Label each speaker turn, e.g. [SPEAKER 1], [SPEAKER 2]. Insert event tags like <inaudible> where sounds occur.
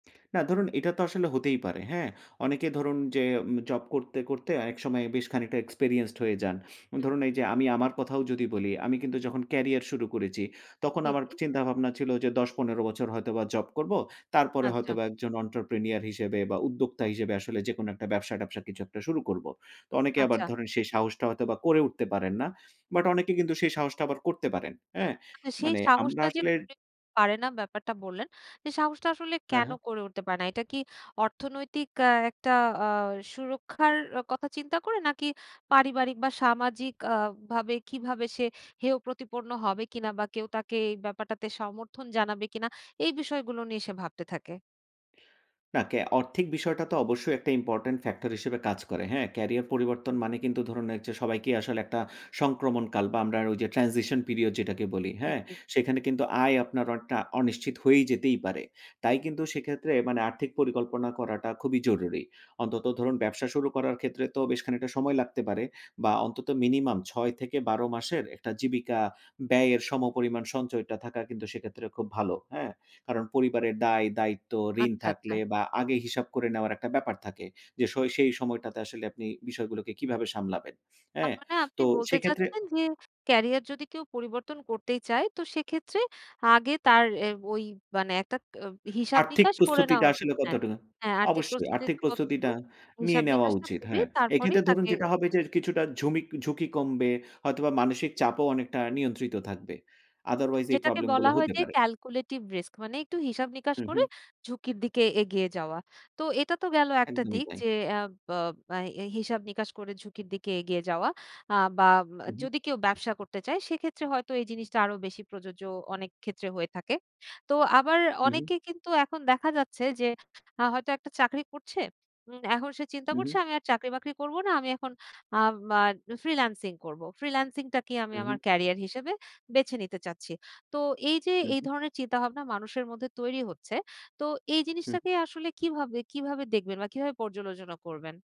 [SPEAKER 1] না ধরুন, এটা তো আসলে হতেই পারে। হ্যাঁ? অনেকে ধরুন, যে উম জব করতে, করতে অনেক সময় বেশ খানিকটা এক্সপেরিয়েন্সড হয়ে যান।
[SPEAKER 2] হুম।
[SPEAKER 1] ধরুন, এই যে আমি আমার কথাও যদি বলি। আমি কিন্তু যখন ক্যারিয়ার শুরু করেছি, তখন
[SPEAKER 2] জি,
[SPEAKER 1] আমার
[SPEAKER 2] জি।
[SPEAKER 1] চিন্তাভাবনা ছিল যে ১০-১৫ বছর হয়তোবা জব করব। তারপরে
[SPEAKER 2] আচ্ছা।
[SPEAKER 1] হয়তোবা একজন entrepreneur হিসেবে বা উদ্যোক্তা হিসেবে আসলে যেকোনো একটা ব্যবসা-ট্যাবসা কিছু একটা শুরু করব। তো অনেকে আবার
[SPEAKER 2] আচ্ছা।
[SPEAKER 1] ধরেন সেই সাহসটা হয়তোবা করে উঠতে পারেন না। বাট অনেকে কিন্তু সেই সাহসটা আবার করতে পারেন। হ্যাঁ?
[SPEAKER 2] আচ্ছা সেই
[SPEAKER 1] মানে আমরা
[SPEAKER 2] সাহসটা যে,
[SPEAKER 1] আসলে
[SPEAKER 2] পারে না ব্যাপারটা বললেন। এ সাহসটা আসলে
[SPEAKER 1] হ্যাঁ,
[SPEAKER 2] কেন
[SPEAKER 1] হ্যাঁ।
[SPEAKER 2] করে উঠতে পারে না? এটা কি অর্থনৈতিক আ একটা আ সুরক্ষার কথা চিন্তা করে? নাকি পারিবারিক বা সামাজিক আ ভাবে আ ভাবে কিভাবে সে হেয় প্রতিপন্ন হবে কিনা বা কেউ তাকে এই ব্যাপারটাতে সমর্থন জানাবে কিনা? এই বিষয়গুলো নিয়ে সে ভাবতে থাকে।
[SPEAKER 1] না, কে আর্থিক বিষয়টা তো অবশ্যই একটা important factor হিসেবে কাজ করে। হ্যাঁ? ক্যারিয়ার পরিবর্তন মানে কিন্তু ধরুন, ঐযে সবাইকেই আসলে একটা সংক্রমণ কাল বা আমরা ওই যে, transition period যেটাকে বলি। হ্যাঁ?
[SPEAKER 2] <unintelligible>
[SPEAKER 1] সেখানে কিন্তু আয় আপনার অনেকটা অনিশ্চিত হয়ে যেতেই পারে। তাই কিন্তু সেক্ষেত্রে মানে আর্থিক পরিকল্পনা করাটা খুবই জরুরি। অন্তত ধরুন, ব্যবসা শুরু করার ক্ষেত্রে তো বেশ খানিকটা সময় লাগতে পারে বা অন্তত মিনিমাম ৬ থেকে ১২ মাসের একটা জীবিকা ব্যয়ের সমপরিমাণ সঞ্চয়টা থাকা কিন্তু সেক্ষেত্রে খুব ভালো। হ্যাঁ? কারণ পরিবারের দায় দায়িত্ব, ঋণ
[SPEAKER 2] আচ্ছা, আচ্ছা।
[SPEAKER 1] থাকলে বা আগে হিসাব করে নেওয়ার একটা ব্যাপার থাকে। যে, সই সেই সময়টাতে আসলে আপনি বিষয়গুলোকে কিভাবে সামলাবেন। অ্যা
[SPEAKER 2] তার মানে আপনি
[SPEAKER 1] তো
[SPEAKER 2] বলতে
[SPEAKER 1] সেক্ষেত্রে
[SPEAKER 2] চাচ্ছেন, যে, ক্যারিয়ার যদি কেউ পরিবর্তন করতেই চায়। তো সেক্ষেত্রে আগে তার এ ওই মানে একটা ক অ হিসাব
[SPEAKER 1] আর্থিক
[SPEAKER 2] নিকাশ করে নেওয়া
[SPEAKER 1] প্রস্তুতিটা
[SPEAKER 2] উচিত
[SPEAKER 1] আসলে
[SPEAKER 2] হ্যাঁ,
[SPEAKER 1] কতটুকু
[SPEAKER 2] হ্যাঁ, আর্থিক
[SPEAKER 1] অবশ্যই, আর্থিক
[SPEAKER 2] প্রস্তুতিটা কতটুকু
[SPEAKER 1] প্রস্তুতিটা নিয়ে
[SPEAKER 2] হিসাব
[SPEAKER 1] নেওয়া
[SPEAKER 2] নিকাশটা
[SPEAKER 1] উচিত
[SPEAKER 2] করে
[SPEAKER 1] হ্যাঁ।
[SPEAKER 2] তারপরেই
[SPEAKER 1] এক্ষেত্রে ধরুন,
[SPEAKER 2] তাকে
[SPEAKER 1] যেটা হবে যে, কিছুটা ঝুমিক ঝুঁকি কমবে। হয়তোবা মানসিক চাপও অনেকটা নিয়ন্ত্রিত থাকবে। otherwise এই
[SPEAKER 2] যেটাকে
[SPEAKER 1] প্রবলেম গুলো
[SPEAKER 2] বলা হয়
[SPEAKER 1] হতে
[SPEAKER 2] যেই
[SPEAKER 1] পারে।
[SPEAKER 2] calculated risk মানে একটু হিসাব নিকাশ
[SPEAKER 1] হু,
[SPEAKER 2] করে
[SPEAKER 1] হুম।
[SPEAKER 2] ঝুঁকির দিকে এগিয়ে যাওয়া। তো এটা তো গেলো একটা
[SPEAKER 1] একদমই
[SPEAKER 2] দিক।
[SPEAKER 1] তাই।
[SPEAKER 2] যে, অ্যাব বব এই হিসাব নিকাশ করে ঝুঁকির দিকে এগিয়ে যাওয়া আ বা উম
[SPEAKER 1] হু, হুম।
[SPEAKER 2] যদি কেউ ব্যবসা করতে চায়। সেক্ষেত্রে হয়তো এই জিনিসটা আরো বেশি প্রযোজ্য, অনেক ক্ষেত্রে হয়ে থাকে। তো আবার
[SPEAKER 1] উহু।
[SPEAKER 2] অনেকে কিন্তু এখন দেখা যাচ্ছে যে, হয়তো একটা চাকরি করছে। উম এখন সে চিন্তা করছে
[SPEAKER 1] উহু।
[SPEAKER 2] আমি আর চাকরি বাকরি করব না। আমি এখন আম আ আমার ফ্রিল্যান্সিং করব। ফ্রিল্যান্সিংটাকেই আমি আমার
[SPEAKER 1] উহু।
[SPEAKER 2] কেরিয়ার হিসেবে বেছে নিতে চাচ্ছি। তো এই যে, এই
[SPEAKER 1] উহু।
[SPEAKER 2] ধরনের চিন্তাভাবনা মানুষের মধ্যে তৈরি হচ্ছে। তো এই
[SPEAKER 1] হুম।
[SPEAKER 2] জিনিসটাকে আসলে কিভাবে, কিভাবে দেখবেন? বা কিভাবে পর্যালোচনা করবেন?